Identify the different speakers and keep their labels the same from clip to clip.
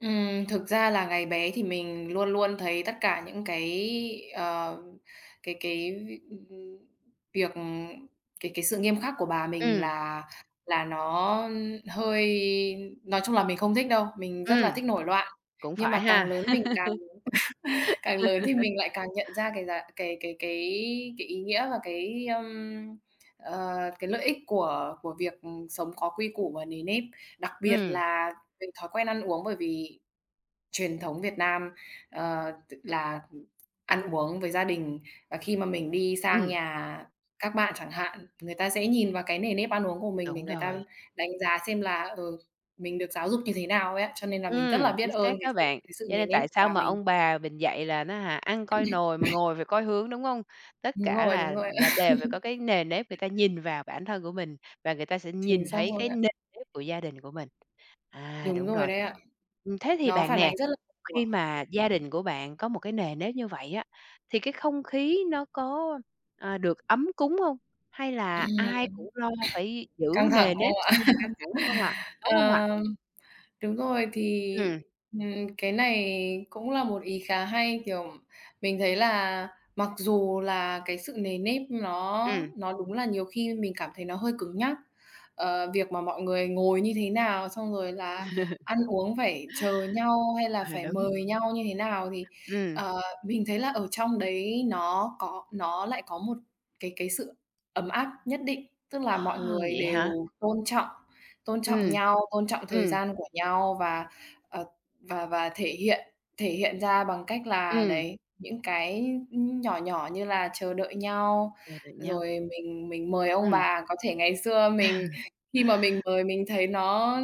Speaker 1: Ừm, thực ra là ngày bé thì mình luôn luôn thấy tất cả những cái, ờ, cái cái việc, ưm, ưm, việc, ừ cái cái sự nghiêm khắc của bà mình
Speaker 2: Ừm.
Speaker 1: là là nó, ưm, hơi nói chung là mình không thích đâu, mình rất là
Speaker 2: Ừm.
Speaker 1: thích nổi loạn.
Speaker 2: Cũng
Speaker 1: Nhưng
Speaker 2: phải
Speaker 1: mà càng
Speaker 2: ha.
Speaker 1: lớn mình càng càng lớn thì mình lại càng nhận ra cái giá cái cái cái cái ý nghĩa và cái, ơm, ờ, cái lợi ích của của việc, ừm, sống có quy củ và nề nếp. Đặc biệt
Speaker 2: Ừm.
Speaker 1: là về thói quen ăn uống bởi vì truyền thống Việt Nam, ờ, tức là, ừm, ăn uống với gia đình và khi mà mình đi sang
Speaker 2: Ừm.
Speaker 1: nhà các bạn chẳng hạn, người ta sẽ nhìn vào cái nề nếp ăn uống của mình để
Speaker 2: Đúng
Speaker 1: người ta
Speaker 2: rồi.
Speaker 1: đánh giá xem là, ừ, mình được giáo dục như thế nào ấy ạ. Cho nên là mình rất
Speaker 2: Ừm,
Speaker 1: là biết
Speaker 2: chính
Speaker 1: ơn
Speaker 2: xác
Speaker 1: cái
Speaker 2: đó
Speaker 1: sự
Speaker 2: bạn,
Speaker 1: cái sự
Speaker 2: cho
Speaker 1: nề
Speaker 2: nên
Speaker 1: nếp
Speaker 2: tại sao
Speaker 1: bà
Speaker 2: mà
Speaker 1: mình.
Speaker 2: ông bà mình dạy là, á hả, "ăn coi nồi mà ngồi phải coi hướng", đúng hông? Tất
Speaker 1: Đúng
Speaker 2: cả
Speaker 1: rồi, đúng
Speaker 2: là
Speaker 1: rồi.
Speaker 2: là đều phải có cái nề nếp người ta nhìn vào bản thân của mình, và người ta sẽ
Speaker 1: Chính
Speaker 2: nhìn
Speaker 1: xác
Speaker 2: thấy
Speaker 1: luôn
Speaker 2: cái
Speaker 1: ạ.
Speaker 2: nề nếp của gia đình của mình. À,
Speaker 1: Đúng
Speaker 2: đúng
Speaker 1: rồi
Speaker 2: rồi.
Speaker 1: đấy ạ.
Speaker 2: Ừm, thế thì
Speaker 1: Nó
Speaker 2: bạn
Speaker 1: phản
Speaker 2: nè,
Speaker 1: ánh rất là nhiều
Speaker 2: khi
Speaker 1: ạ.
Speaker 2: mà gia đình của bạn có một cái nề nếp như vậy á, thì cái không khí nó có, à, được ấm cúng hông? Hay là
Speaker 1: Ừm.
Speaker 2: ai cũng lo phải giữ
Speaker 1: Căng thẳng,
Speaker 2: nề
Speaker 1: đúng
Speaker 2: nếp,
Speaker 1: không ạ?
Speaker 2: như là căng thẳng không ạ? Đúng hông ạ?
Speaker 1: Ờm, đúng rồi thì,
Speaker 2: Ừm.
Speaker 1: ừm, cái này cũng là một ý khá hay. Kiểu, mình thấy là mặc dù là cái sự nề nếp nó
Speaker 2: Ừm.
Speaker 1: nó đúng là nhiều khi mình cảm thấy nó hơi cứng nhắc, ờ, việc mà mọi người ngồi như thế nào, xong rồi là ăn uống phải chờ nhau hay là
Speaker 2: À,
Speaker 1: phải
Speaker 2: đúng.
Speaker 1: mời nhau như thế nào thì,
Speaker 2: Ừm.
Speaker 1: ờ, mình thấy là ở trong đấy nó có nó lại có một cái cái sự ấm áp nhất định. Tức là mọi
Speaker 2: À,
Speaker 1: người
Speaker 2: vậy hả?
Speaker 1: đều tôn trọng, tôn trọng
Speaker 2: Ừm.
Speaker 1: nhau, tôn trọng thời
Speaker 2: Ừm.
Speaker 1: gian của nhau và, ờ, và và thể hiện thể hiện ra bằng cách là
Speaker 2: Ừm.
Speaker 1: đấy những cái, ưm, nhỏ nhỏ như là chờ đợi nhau.
Speaker 2: Chờ đợi nhau.
Speaker 1: Rồi mình mình mời ông
Speaker 2: Ừm.
Speaker 1: bà có thể ngày xưa
Speaker 2: À.
Speaker 1: mình khi mà mình mời mình thấy nó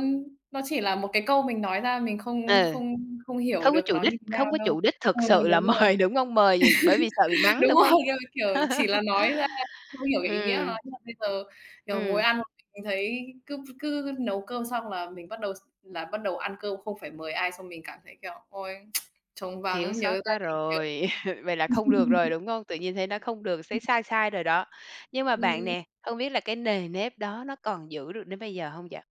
Speaker 1: nó chỉ là một cái câu mình nói ra mình không
Speaker 2: Ừ.
Speaker 1: không không hiểu
Speaker 2: Không có
Speaker 1: được
Speaker 2: chủ
Speaker 1: nó
Speaker 2: đích,
Speaker 1: như thế nào
Speaker 2: không có
Speaker 1: đâu.
Speaker 2: chủ đích
Speaker 1: Ờ,
Speaker 2: thực sự là
Speaker 1: đúng rồi,
Speaker 2: mời, đúng hông? Mời vì bởi vì sợ bị mắng,
Speaker 1: đúng
Speaker 2: đúng hông?
Speaker 1: rồi, kiểu, kiểu, chỉ là nói ra không hiểu cái ý nghĩa nó.
Speaker 2: Ừm.
Speaker 1: Nhưng mà bây giờ, kiểu, ngồi
Speaker 2: Ừm.
Speaker 1: ăn một mình thấy cứ ph cứ nấu cơm xong là mình bắt đầu x là bắt đầu ăn cơm không phải mời ai xong mình cảm thấy, kiểu, ôi, trống
Speaker 2: Thiếu
Speaker 1: vắng, nhớ
Speaker 2: sót
Speaker 1: gia
Speaker 2: quá
Speaker 1: đình kiểu
Speaker 2: rồi, vậy là không được rồi, đúng hông? Tự nhiên thấy nó không được,
Speaker 1: Ừm.
Speaker 2: thấy sai sai rồi đó. Nhưng mà
Speaker 1: Ừm,
Speaker 2: bạn
Speaker 1: ừm.
Speaker 2: nè, không biết là cái nề nếp đó nó còn giữ được đến bây giờ hông vậy?